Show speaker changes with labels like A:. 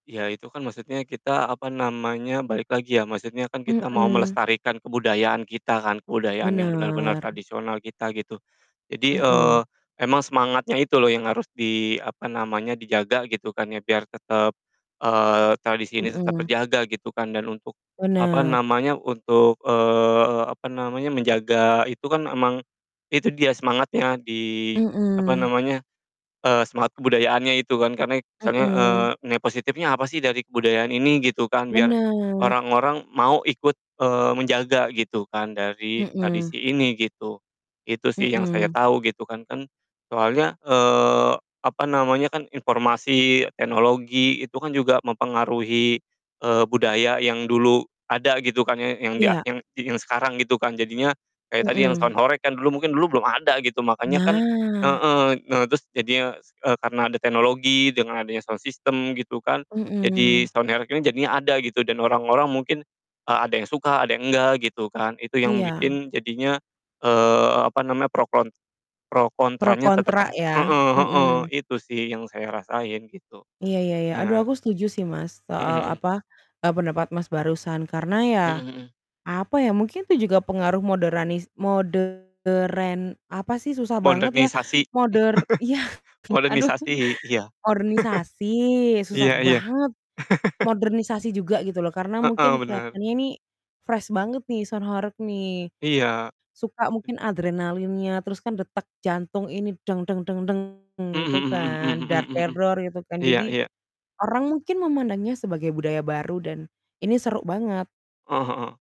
A: Iya, itu kan maksudnya kita, apa namanya, balik lagi ya, maksudnya kan kita mau
B: Mhm.
A: melestarikan kebudayaan kita kan, kebudayaan yang benar-benar
B: Bener.
A: tradisional kita, gitu. Jadi, eee,
B: Mhm.
A: emang semangatnya itu loh yang harus di, apa namanya, dijaga gitu kan ya, biar tetep, eee, tradisi ini tetap
B: Mhm.
A: terjaga gitu kan. Dan untuk, apa
B: Bener.
A: namanya, untuk, eee, apa namanya, menjaga itu kan emang itu dia semangatnya di, apa
B: Mhm.
A: namanya, eee, semangat kebudayaannya itu kan. Karena itu kesannya, eee,
B: Mhm.
A: nilai positifnya apa sih dari kebudayaan ini? Gitu kan. Biar
B: Benar.
A: orang-orang mau ikut, eee, menjaga, gitu kan, dari
B: Mhm.
A: tradisi ini, gitu. Itu sih yang saya
B: Mhm.
A: tahu gitu kan. Kan soalnya, eee, apa namanya, kan informasi, teknologi, itu kan juga mempengaruhi, eee, budaya yang dulu ada gitu kan ya, yang dia
B: Iya.
A: yang di yang sekarang gitu kan. Jadinya, kayak tadi yang
B: Mhm.
A: sound horeg, kan mungkin dulu belum ada, gitu. Makanya kan
B: Nah.
A: heeh, nah terus jadinya e karena ada teknologi, dengan adanya sound system gitu kan. Jadi,
B: Mhm.
A: sound horeg, ini jadinya ada gitu, dan orang-orang mungkin, eee, ada yang suka, ada yang enggak, gitu kan. Itu yang
B: Iya.
A: bikin jadinya, eee, apa namanya, pro kon pro
B: Pro
A: kontranya tetep
B: kontra ya?
A: heeh heeh,
B: Mhm.
A: itu sih yang saya rasain, gitu.
B: Iya iya iya. Aduh
A: Nah
B: aku setuju sih Mas,
A: Heeh
B: soal
A: heeh.
B: apa, e pendapat Mas, barusan karena ya,
A: Heeh heeh.
B: apa ya, mungkin itu juga pengaruh moderanis modern apa sih, susah banget ya,
A: Modernisasi,
B: moder iya, aduh,
A: modernisasi. Iya.
B: ornisasi, susah
A: Iya iya..
B: banget, modernisasi juga gitu loh. Karena mungkin
A: Heeh, bener.
B: kelihatannya ini fresh banget nih, sound horeg, nih.
A: Iya,
B: Suka
A: itu
B: mungkin adrenalinnya, terus kan detak jantung ini gitu
A: Mhm mhm mhm
B: kan.
A: mhm mhm mhm mhm.
B: gitu kan.
A: Iya
B: Jadi,
A: iya.
B: orang mungkin memandangnya sebagai budaya baru, dan ini seru banget.
A: Heeh heeh.